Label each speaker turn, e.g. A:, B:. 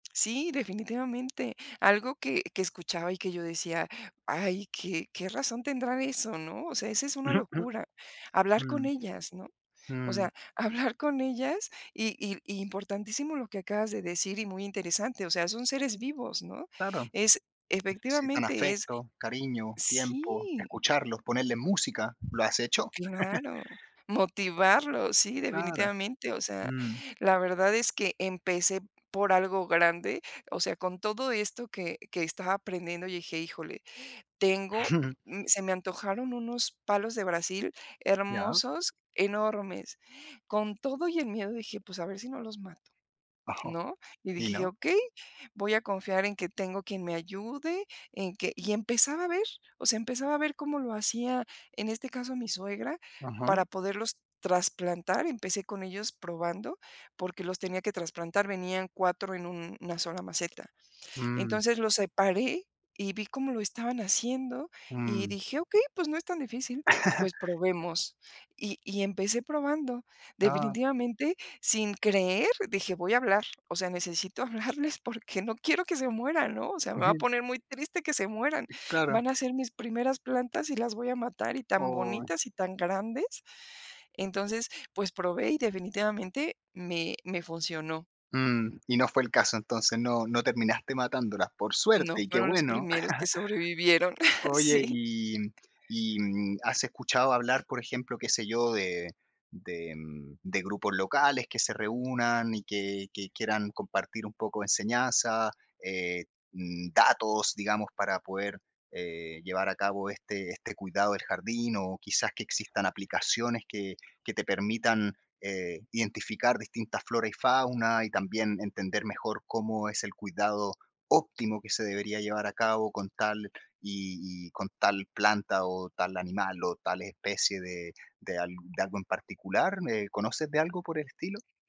A: Sí, definitivamente. Algo que que escuchaba y que yo decía: "Ay, que que razón tendrá eso", ¿no?, o sea, esa es una
B: Ujú, ujú.
A: locura, hablar con
B: Mm,
A: ellas, ¿no?, o
B: mm.
A: sea, hablar con ellas, y i importantísimo lo que acabas de decir y muy interesante, o sea, son seres vivos, ¿no?,
B: Claro.
A: es
B: Necesitan
A: efectivamente es
B: afecto, cariño, tiempo,
A: sí.
B: escucharlos, ponerle música, ¿lo has hecho?
A: Claro, motivarlo, sí,
B: Claro,
A: definitivamente, o sea
B: mm.
A: la verdad es que empecé por algo grande o sea, con todo esto que que estaba aprendiendo, yo dije: "Híjole", tengo se me antojaron unos palos de Brasil
B: Ya.
A: hermosos, enormes, con todo y el miedo dije: "Pues, a ver si no los mato",
B: Ajá.
A: ¿no?, y
B: ¿Y
A: dije:
B: no?
A: "Okey, voy a confiar en que tengo quien me ayude, en que" y empezaba a ver o sea, empezaba a ver cómo lo hacía, en este caso, mi suegra
B: Ajá.
A: para poderlos trasplantar, empecé con ellos probando, porque los tenía que trasplantar, venían 4 en una sola maceta,
B: Mm.
A: entonces, los separé y vi cómo lo estaban haciendo y
B: Mm.
A: dije: "Okey, pues no es tan difícil, pues probemos". Y y empecé probando.
B: Ah.
A: Definitivamente, sin creer, dije: "Voy a hablar, o sea, necesito hablarles porque no quiero que se mueran", ¿no?, o sea, "Me va a
B: Ujú.
A: poner muy triste que se mueran,
B: Claro.
A: van a ser mis primeras plantas y las voy a matar, y tan
B: Oh.
A: bonitas y tan grandes". Entonces, pues probé y definitivamente me me funcionó.
B: Mm, y no fue el caso, entonces, no, no terminaste matándolas por suerte
A: No
B: y qué
A: fueron los
B: bueno,
A: primeros que sobrevivieron,
B: oye,
A: sí
B: y y, mm, ¿has escuchado hablar, por ejemplo, qué sé yo, de de de grupos locales que se reúnan y que que quieran compartir un poco de enseñanza, eh, mm, datos, digamos, para poder, eh, llevar a cabo este este cuidado del jardín, o quizás que existan aplicaciones que que te permitan, eh, identificar distintas flora y fauna, y también entender mejor cómo es el cuidado óptimo que se debería llevar a cabo con tal y y con tal planta o tal animal o tal especie de de al de algo en particular? ¿Me conoces de algo por el estilo?